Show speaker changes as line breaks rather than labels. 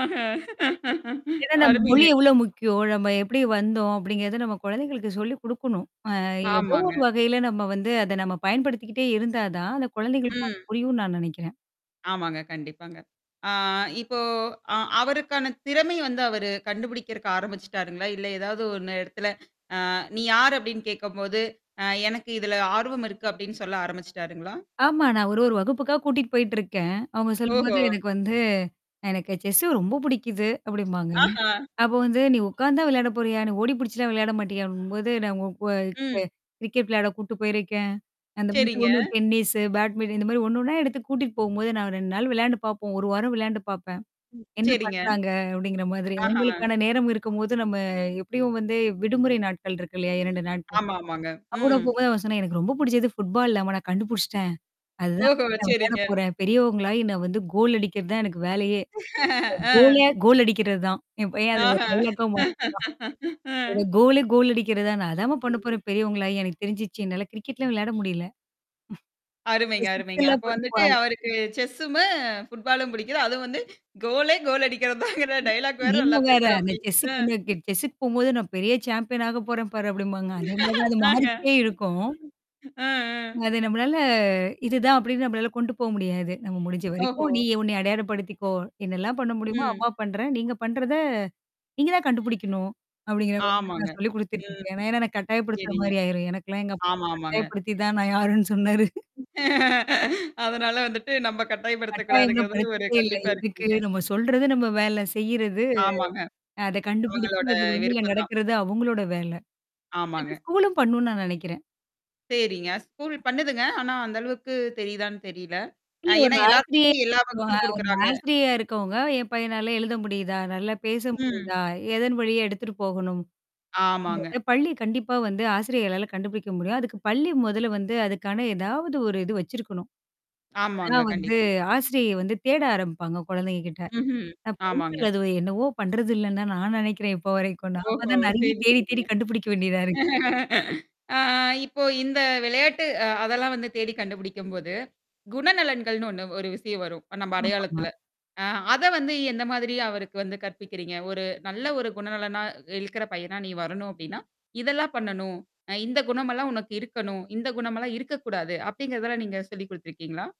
ஆஹ
ஏன்னா நம்ம மொழி
அருமைங்க.
எவ்ளோ முக்கியம், நம்ம எப்படி வந்தோம் அப்படிங்கிறத நம்ம குழந்தைகளுக்கு சொல்லி குடுக்கணும். அ ஏதோ ஒரு
ஆமாங்க.
வகையில நம்ம வந்து அத நம்ம பயன்படுத்திக்கிட்டே இருந்தா தான், அந்த குழந்தைகளுக்கும் அது
ம்.
புரியும்னு நான் நெனைக்கிறேன்.
ஆமாங்க கண்டிப்பாங்க. ஆ இப்போ அ அவருக்கான திறமை வந்து அவரு கண்டுபிடிக்கிறக்கு ஆரம்பிச்சுட்டாருங்களா? இல்ல ஏதாவது ஒண்ணு இடத்துல ஆ நீ யார் அப்டின்னு கேட்கும்போது, அ எனக்கு இதுல ஆர்வம் இருக்கு அப்டின்னு சொல்ல ஆரம்பிச்சுட்டாருங்களா?
ஆமா. நான் ஒரு ஒரு வகுப்புக்கா கூட்டிட்டு போயிட்டு இருக்கேன். அவங்க சொல்லும்போது
ஓஹோ!
எனக்கு வந்து எனக்கு செஸு ரொம்ப பிடிக்குது அப்படிம்பாங்க.
ஆஹா!
அப்போ வந்து "நீ உட்கார்ந்து தான் விளையாட போறியா? நீ ஓடி பிடிச்சுலாம் விளையாட மாட்டியா" அப்டிங்கும் போது, நான் உங்க
ம்.
க கிரிக்கெட் விளையாட கூட்டு போயிருக்கேன். அந்த மத்தி
சரிங்க.
ஒண்ணு டென்னிஸ, பேட்மிண்டன் இந்த மாரி ஒண்ணு ஒண்ணா எடுத்து கூட்டிட்டு போகும்போது நான் 2 நாள் விளையாண்டு பார்ப்போம். 1 வாரம் விளையாண்டு பாப்பேன். என்ன
சரிங்க.
பண்றாங்க அப்படிங்கிற மாதிரி.
ஆஹா.
அவங்களுக்கான நேரம் இருக்கும்போது நம்ம எபடியும் வந்து விடுமுறை நாட்கள் இருக்கு இல்லையா? 2 நாட்கள்?
ஆமாமாங்க.
அவன் கூட
ம்.
போபோது அவன் சொன்னேன் எனக்கு ரொம்ப புடிச்சது ஃபுட்பால்லம்மா நான் கண்டுபிடிச்சுட்டேன். அதுதான்
ஓஹோ!
வந்து நான் விளையாட
சரிங்க.
போறேன். பெரியவங்களாகி நான் வந்து கோல் அடிக்கிறது தான் எனக்கு வேலையே. என்
ஆ.
கோலே கோல் அடிக்கிறதுதான். என் பையன் அத ஒரு
ஆஹ
டைலாக்கா மாத்தட்டான்.
அ.
எனக்கு கோலே கோல் அடிக்கிறதுதான். நான் அதாம பண்ண போறேன். பெரியவங்களாயி எனக்கு தெரிஞ்சுிருச்சு. என்னால கிரிக்கெட்லாம் விளையாட முடியல. அப்ப
அருமைங்க, அருமைங்க.
சிக்ஸ்ல்லாம்
அப்போ வந்துட்டு
போடுவாங்க
அவருக்கு செஸ்ஸுமு, ஃபுட்பாலும் புடிக்குது. அதுவும் வந்து கோலே கோல் அடிக்கிறிறது தாங்கிற டயலாக் வேற
நீங்க
நல்லா
வேற அந்த
பேசுராப்டி.
செஸ்ஸு
அ.
பண்ண செஸ்க்க போகும்போது நான் பெரிய சாம்பியன் ஆக போறேன் பாரு அப்டிம்பாங்க. அதே மாரி தான் அது
ஆஹா.
மாறிக்கிட்டே இருக்கும்.
ஆ, ஆ.
அது நம்மளால இதுதான் அப்டின்னு நம்மளால கொண்டு போ முடியாது. நம்ம முடிஞ்ச வரைக்கும்
ஓஹோ!
நீ உனைைய அடையாளப்படுத்திக்கோ! என்னல்லாம் பண்ண முடியுமோ,
ம்.
அம்மா பண்றேன். நீங்க பண்றத. நீங்க தான் கண்டுபிடிக்கணும். அப்படிங்கிற மாரி தான்
ஆமாங்க.
நான் சொல்லிக்
ம்.
குடுத்துட்டுருக்கேன். ஏனா ஏன்னா எனக்கு கட்டாயப்படுத்துற
சரிங்க.
மாரி ஆயிரும். எனக்கெல்லாம் எங்க அப்பா
ஆமாமாங்க.
கட்டாயபயப்படுத்தி தான் நான் யாருன்னு சொன்னாரு.
அதனால வந்துட்டு நம்ம்ப
கட்டாயம்லா
கட்டாயப்படுத்தக்கூடாதுங்கறதுல ஒரு
படுத்துறதே இல்ல.
கண்டிப்பா
எதுக்கு.
இருக்கீங்க.
நம்ம சொல்றது நம்ம வேல செய்றது
ஆமாங்க.
அத
அவங்களோட
கண்டுபிடிச்சு அது வழியில
விருப்பம் தான்.
நடக்கிறது அவங்களோட வேல. அத
ஆமாங்க.
ஸ்கூலும் பண்ணணும்னு நான் நெனைக்கிறேன்.
சரிங்க. ஸ்கூல் பண்ணுதுங்க. ஆனா அந்த அளவுக்கு தெரியுதான்னு தெரியல. அ
இல்ல ஒரு
ஏன்னா
ஆசிரியை
எல்லாத்துக்கும் எல்லா
அ
வகுப்பும்
ஒரு
குடுக்குறாங்க.
ஆசிரியரா இருக்கவங்க, என் பையனால எழுத முடியுதா? நல்லா பேச
ம்.
முடியுதா? எதன் வழியா எடுத்துட்டு போகணும்?
ஆமாங்க.
அப்டிங்கிறத பள்ளி கண்டிப்பா வந்து ஆசிரியர்களால கண்டுபிடிக்க முடியும். அதுக்கு பள்ளி முதல்ல வந்து அதுக்கான ஏதாவது ஒரு இது வச்சிருக்கணும்.
ஆமாங்க,
அப்பதான் வந்து
கண்டிப்பா.
ஆசிரியை வந்து தேட ஆரம்பிப்பாங்க குழந்தைங்க கிட்ட.
ம்ஹ்ம்.
ந பரியதல.
ஆமாங்க.
அது என்னவோ பண்றது இல்லன்ன தா நான் நினைக்கிறேன் இப்போ வரைக்கும். நாம
ஓஹோ!
தான்
சரி
நெறைய தேடி தேடி
சரிங்க.
கண்டுபிடிக்க வேண்டியதா இருக்கு.
ஆ. இப்போ இந்த விளையாட்டு அ அதெல்லாம் வந்து தேடி கண்டுபிடிக்கும்போது. குணநலன்கள்னு ஒண்ணு ஒரு விஷயம் வரும் நம்ம
ஆமாமா.
அடையாளத்துல. ஆ. அத வந்து எந்த மாதிரி அவருக்கு வந்து கற்பிக்கிறீங்க? ஒரு நல்ல ஒரு குணநலனா இழுக்கிற பையனா நீ வரணும் அப்படின்னா, இதெல்லாம் பண்ணணும். அ இந்த குணமெல்லாம் உனக்கு இருக்கணும், இந்த குணமல்லாம் இருக்கக்கூடாது. அப்படிங்கிறதல்ல நீங்க சொல்லிக் குடுத்துருக்கீங்களா?